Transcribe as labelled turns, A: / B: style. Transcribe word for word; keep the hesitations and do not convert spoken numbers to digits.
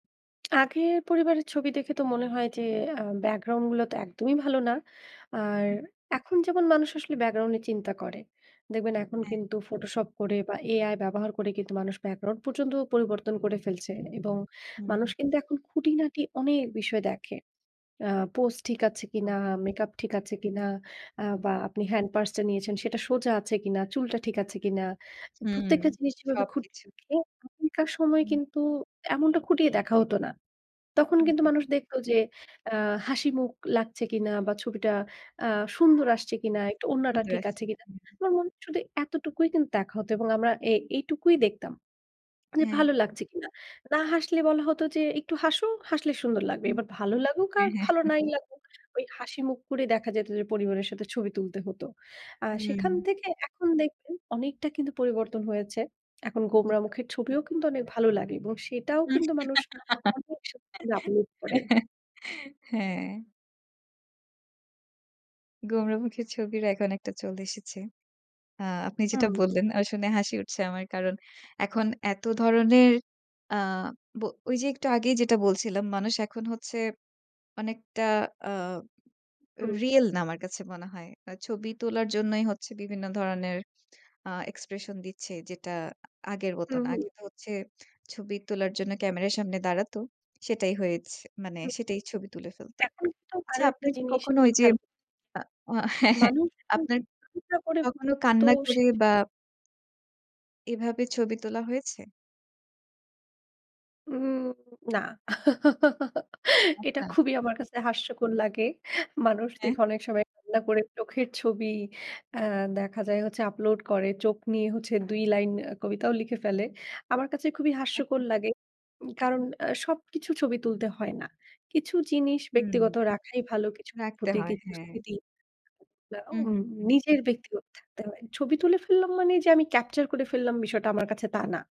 A: আগের পরিবারের ছবি দেখে তো মনে হয় যে, আ ব্যাকগ্রাউন্ডগুলা তো একদমই ভালো না। আর
B: হু।
A: এখন যেমন মানুষ আসলে ব্যাকগ্রাউন্ড নিয়ে চিন্তা করে, দেখবেন এখন
B: হ্যাঁ।
A: কিন্তু ফটোশপ করে বা AI ব্যবহার করে কিন্তু মানুষ ব্যাকগ্রাউন্ড পর্যন্ত পরিবর্তন করে ফেলছে
B: হুম,
A: এবং মানুষ
B: হু।
A: কিন্তু এখন খুঁটিনাটি অনেক বিষয় দেখে। আ পোজ ঠিক আছে কিনা,
B: একদম।
A: মেকআপ ঠিক আছে কিনা, আ বা আপনি হ্যান্ড পার্স টা নিয়েছেন, সেটা সোজা আছে কিনা, চুলটা ঠিক আছে কিনা?
B: হুম,
A: প্রত্যেকটা জিনিস যেভাবে খুঁটিয়ে
B: সবকিছু।
A: দেখে। তখনকার সময়
B: হুম।
A: কিন্তু এমনটা খুঁটিয়ে দেখা হত না। তখন
B: হুম,
A: কিন্তু
B: হুম।
A: মানুষ দেখতো যে, আ হাসিমুখ লাগছে কিনা বা ছবিটা আ সুন্দর আসছে কিনা, একটু ওড়নাটা
B: সুন্দর
A: ঠিক
B: আছে।
A: আছে কিনা? আমার মনে হয়, শুধু এতটুকুই কিন্তু দেখা হত এবং আমরা এ এইটুকুই দেখতাম। যে
B: হ্যাঁ।
A: ভালো লাগছে কিনা? না হাসলে বলা হতো যে, "একটু হাসো, হাসলে সুন্দর লাগবে।"
B: হুম।
A: এবার ভালো লাগুক আর
B: হ্যাঁ,
A: ভালো
B: হ্যাঁ।
A: নাই লাগুক, ঐ হাসিমুখ করে দেখা যেত যে পরিবারের সাথে ছবি তুলতে হতো। আ সেখান
B: হুম।
A: থেকে এখন দেখবেন অনেকটা কিন্তু পরিবর্তন হয়েছে। এখন গোমড়া
B: [unintelligible]
A: মুখের ছবিও কিন্তু অনেক ভালো লাগে এবং সেটাও
B: হুম।
A: কিন্তু মানুষ অনেক স [unintelligible] আপলোড করে।
B: হ্যাঁ। গোমড়া মুখের ছবির এখন একটা চল এসেছে। আ আপনি যেটা
A: হুম।
B: বললেন, ও শুনে হাসি উঠছে আমার। কারণ এখন এত ধরনের আ ব ঐ যে একটু আগেই যেটা বলছিলাম, মানুষ এখন হচ্ছে অনেকটা আ
A: হুম।
B: রিয়াল না, আমার কাছে মনে হয়। ছবি তোলার জন্যই হচ্ছে বিভিন্ন ধরনের আ এক্সপ্রেশন দিচ্ছে, যেটা আগের
A: হুম,
B: মতন।
A: হুম।
B: আগে তো হচ্ছে ছবি তোলার জন্য ক্যামেরার সামনে দাঁড়াতো। সেটাই হয়েছ মানে
A: হুম।
B: সেটাই ছবি তুলে ফেলত।
A: এখন তো
B: আচ্ছা,
A: আরো একটা
B: আপনার কি
A: জিনিস
B: কখনো ঐ
A: আপনি
B: যে
A: খেয়াল
B: আ হ্যাঁ, হ্যাঁ,
A: মানুষ তো
B: আপনার
A: চিন্তা করে
B: কখনো
A: পর্যন্ত
B: কান্না করে বা
A: সেজন্য
B: এভাবে ছবি তোলা হয়েছে?
A: উহুম, না। এটা
B: আচ্ছা।
A: খুবই আমার কাছে হাস্যকর লাগে। মানুষ
B: হ্যাঁ।
A: দেখি অনেক সময় রান্না করে চোখের ছবি, আ দেখা যায় হচ্ছে আপলোড করে। চোখ নিয়ে হচ্ছে দুই লাইন আ কবিতাও লিখে ফেলে। আমার কাছে খুবই হাস্যকর
B: আচ্ছা।
A: লাগে। উম কারণ আ সবকিছু ছবি তুলতে হয় না। কিছু জিনিস
B: হুম।
A: ব্যক্তিগত রাখাই ভালো, কিছু
B: রাখতে
A: অনুভূতি,
B: হয়,
A: কিছু
B: হ্যাঁ।
A: স্মৃতি, বা
B: হুম,
A: উম
B: হুম, হুম।
A: নিজের ব্যক্তিগত থাকতে হয়। ছবি তুলে ফেললাম মানে যে আমি ক্যাপচার করে ফেললাম, বিষয়টা আমার কাছে তা না।